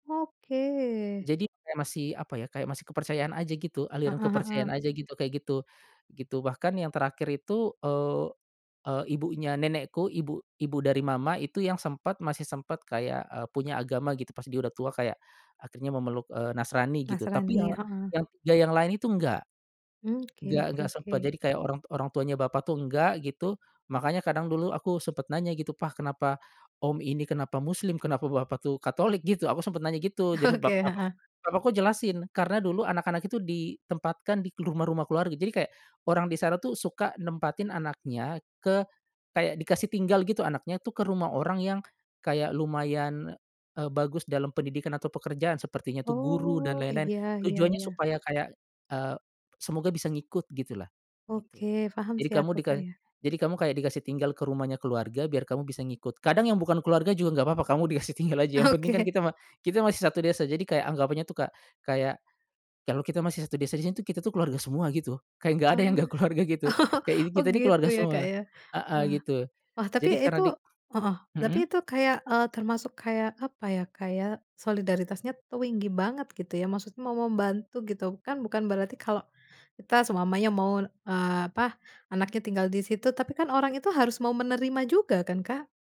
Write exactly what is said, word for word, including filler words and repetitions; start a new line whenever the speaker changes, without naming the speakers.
Oke.
Jadi kayak masih, apa ya, kayak masih kepercayaan aja gitu, aliran
Heeh heeh.
kepercayaan aja gitu, kayak gitu, gitu, bahkan yang terakhir itu, eee eee, ibunya nenekku, ibu ibu dari Mama itu yang sempet, masih sempet kayak, eee, punya agama gitu pas dia udah tua, kayak akhirnya memeluk, eee, Nasrani gitu, tapi ya
Nasrani, heeh.
yang ya yang lain itu enggak,
Mmm, oke
enggak
oke
enggak sempet,
oke.
jadi kayak orang t orang tuanya bapak tuh enggak, gitu. Makanya kadang dulu aku sempet nanya gitu, "Pa, kenapa om ini, kenapa Muslim? Kenapa Bapak tuh Katolik?" gitu, aku sempet nanya gitu, jadi
Oke,
bapakku
heeh.
bapakku jelasin, karena dulu anak-anak itu ditempatkan di k rumah-rumah keluarga, jadi kayak orang di sana tuh suka nempatin anaknya ke kayak dikasih tinggal gitu anaknyatuh ke rumah orang yang kayak lumayan, eee, bagus dalam pendidikan atau pekerjaan, sepertinya tuh guru dan
Oh,
lain-lain,
iya iya
tujuannya
iya.
supaya, kayak, eee, semoga bisa ngikut, gitulah, gitu.
Oke, paham
Jadi
sih
kamu
aku,
dika
Kak, ya.
jadi kamu kayak dikasih tinggal ke rumahnya keluarga biar kamu bisa ngikut, kadang yang bukan keluarga juga nggak papa, kamu dikasih tinggal aja, yang penting kan
Oke.
kita ma kita masih satu desa, jadi kayak anggapannya tuh Kak kayak, kalau kita masih satu desa di sini tuh, kita tuh keluarga semua gitu, kayak nggak ada yang
Oh.
nggak keluarga gitu, kayak ini
Oh, oh
kita nih
gitu
keluarga
ya, Kak,
semua,
ya.
heeh,
Wah.
gitu.
Wah, tapi
Jadi
itu
karena dik
heeh, tapi
mhm?
itu kayak, eee, termasuk kayak, apa ya, kayak solidaritasnya tuinggi banget, gitu ya. Maksud mau membantu gitu, kan bukan berarti kalau kita selamanya mau, eee, apa, anaknya tinggal di situ tapi kan orang itu harus mau menerima juga kan, Kak?